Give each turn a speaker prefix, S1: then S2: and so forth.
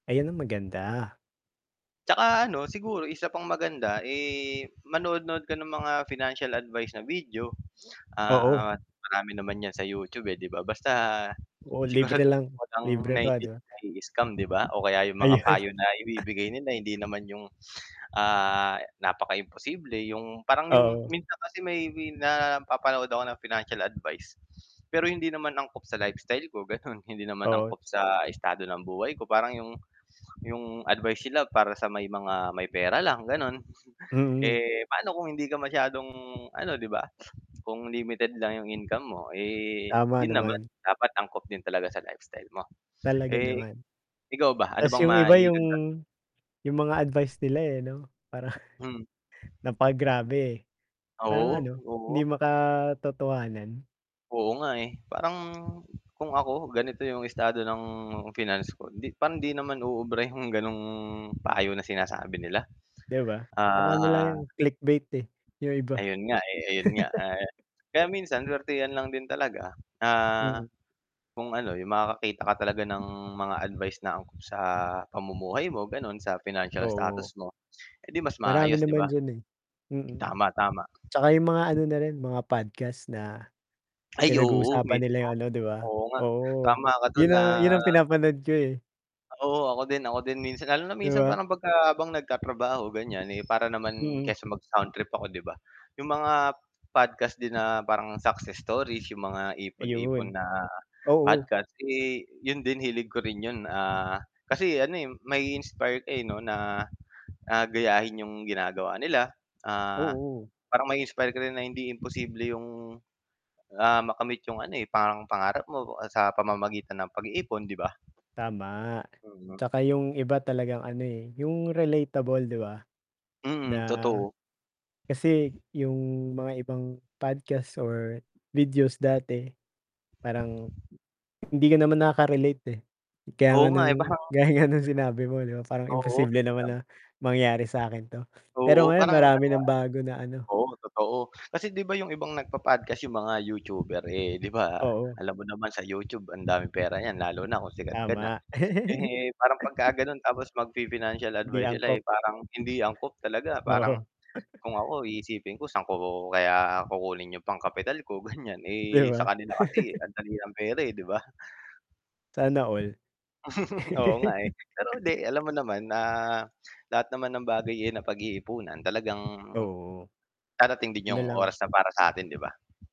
S1: Ayan, ang maganda.
S2: Tsaka ano, siguro isa pang maganda, eh, manood-nood ka ng mga financial advice na video,
S1: Oo.
S2: ah, marami naman ‘yan sa YouTube, eh, ‘di ba. Basta
S1: Oo, libre
S2: siguraduhin
S1: lang.
S2: mo lang na
S1: Libre pa,
S2: hindi
S1: ‘di
S2: ka
S1: ba?
S2: mai-i-scam ‘di ba, o kaya yung mga
S1: Ayan.
S2: payo na ibibigay nila, hindi naman yung, ah napaka-imposible, yung parang yung
S1: Oo.
S2: minsan kasi may napapanood ako ng financial advice, pero hindi naman angkop sa lifestyle ko gano’n, hindi naman
S1: Oo.
S2: angkop sa estado ng buhay ko. Parang yung yung advice sila para sa may mga may pera lang, gano’n.
S1: Mm.
S2: Eh, paano kung hindi ka masyadong ano 'di ba, kung limited lang yung income mo, eh,
S1: Tama
S2: yun naman
S1: naman.
S2: dapat angkop din talaga sa lifestyle mo.
S1: Talaga
S2: Eh,
S1: naman.
S2: ikaw ba, ano
S1: Ta’s
S2: bang
S1: yung iba yung
S2: maidagdag
S1: yung mga advice nila, eh, ‘no, parang
S2: Hmm.
S1: napagrabe, eh. Parang
S2: Oo,
S1: ano,
S2: oo.
S1: hindi makatotohanan.
S2: Oo nga, eh. Parang kung ako, ganito yung estado ng finance ko, hindi parang hindi naman uubra yung gano’ng payo na sinasabi nila.
S1: ‘Di ba, parang ano lang
S2: Ah
S1: yung clickbait, eh, yung iba.
S2: Ayun nga, eh. Ayun nga, ah, kaya minsan suwertehan lang din talaga. Ah,
S1: Mm.
S2: kung ano, yung makakakita ka talaga ng mga advice na angkop sa pamumuhay mo gano’n, sa financial
S1: Oo.
S2: status mo, edi mas
S1: Marami
S2: maayos, 'di
S1: naman
S2: ba?
S1: diyan, eh. Mm,
S2: Tama, tama.
S1: tsaka yung mga ano na rin, mga podcast na
S2: Ay, oo,
S1: pinag-uusapan nila
S2: mismo.
S1: yung ano ‘di ba,
S2: Oo nga,
S1: oo.
S2: tama ka dun
S1: Yun
S2: na
S1: ang yun ang pinapanood ko, eh.
S2: Oo, ako din, ako din minsan. Lalo na
S1: ‘Di
S2: minsan
S1: ba?
S2: parang pagka habang nagtatrabaho ganiyan, eh, para naman
S1: Mm.
S2: kaysa mag-sound trip ako 'di ba, yung mga podcast din na parang success stories, yung mga ipon-ipon
S1: Ayun.
S2: na
S1: Oo.
S2: podcast, eh, yun din hilig ko rin 'yon, ah, kasi ano, eh, mai-inspire ka, eh, ‘no, na, ah, gayahin 'yong ginagawa nila, ah,
S1: Oo.
S2: parang ma-inspire ka rin na hindi imposible 'yong, ah, makamit 'yong ano, eh, pang pangarap mo sa pamamagitan ng pag-iipon, 'di ba?
S1: Tama.
S2: Mm.
S1: Tsaka yung iba talagang ano, eh, yung relatable ‘di ba, na
S2: Mm, totoo.
S1: kasi yung mga ibang podcast or videos dati, parang hindi ka naman nakaka-relate, eh. Kaya
S2: Oo
S1: nga
S2: nga, eh,
S1: ng
S2: parang
S1: gaya nga ng sinabi mo ‘no, parang
S2: Oo.
S1: imposible naman
S2: Tam
S1: na mangyari sa’kin ‘to. Pero
S2: Oo,
S1: ngayon,
S2: parang ano nga,
S1: marami
S2: eh
S1: ng bago na ano.
S2: oo, totoo. Kasi 'di ba yung ibang nagpo-podcast, yung mga YouTuber, eh, ‘di ba
S1: Oo.
S2: alam mo naman sa YouTube ang daming pera niyan lalo na kung sikat ka na.
S1: Tama.
S2: Eh, parang pagka gano’n tapos magfi-financial
S1: ‘Di
S2: advice sila, eh,
S1: angkop.
S2: parang hindi angkop talaga. Parang
S1: Oo.
S2: kung ako iisipin ko saan ko kaya kukunin 'yong pang-capital ko, ganiyan,
S1: ‘Di
S2: eh, sa
S1: ba.
S2: kanila kasi ang dali pera, eh, 'di ba?
S1: Sana all.
S2: Oo nga, eh. Pero uli, alam mo naman na lahat naman ng bagay, eh, napag-iipunan talagang,
S1: Oo.
S2: darating din
S1: Yun na
S2: yung oras
S1: lang.
S2: na para sa atin, 'di ba?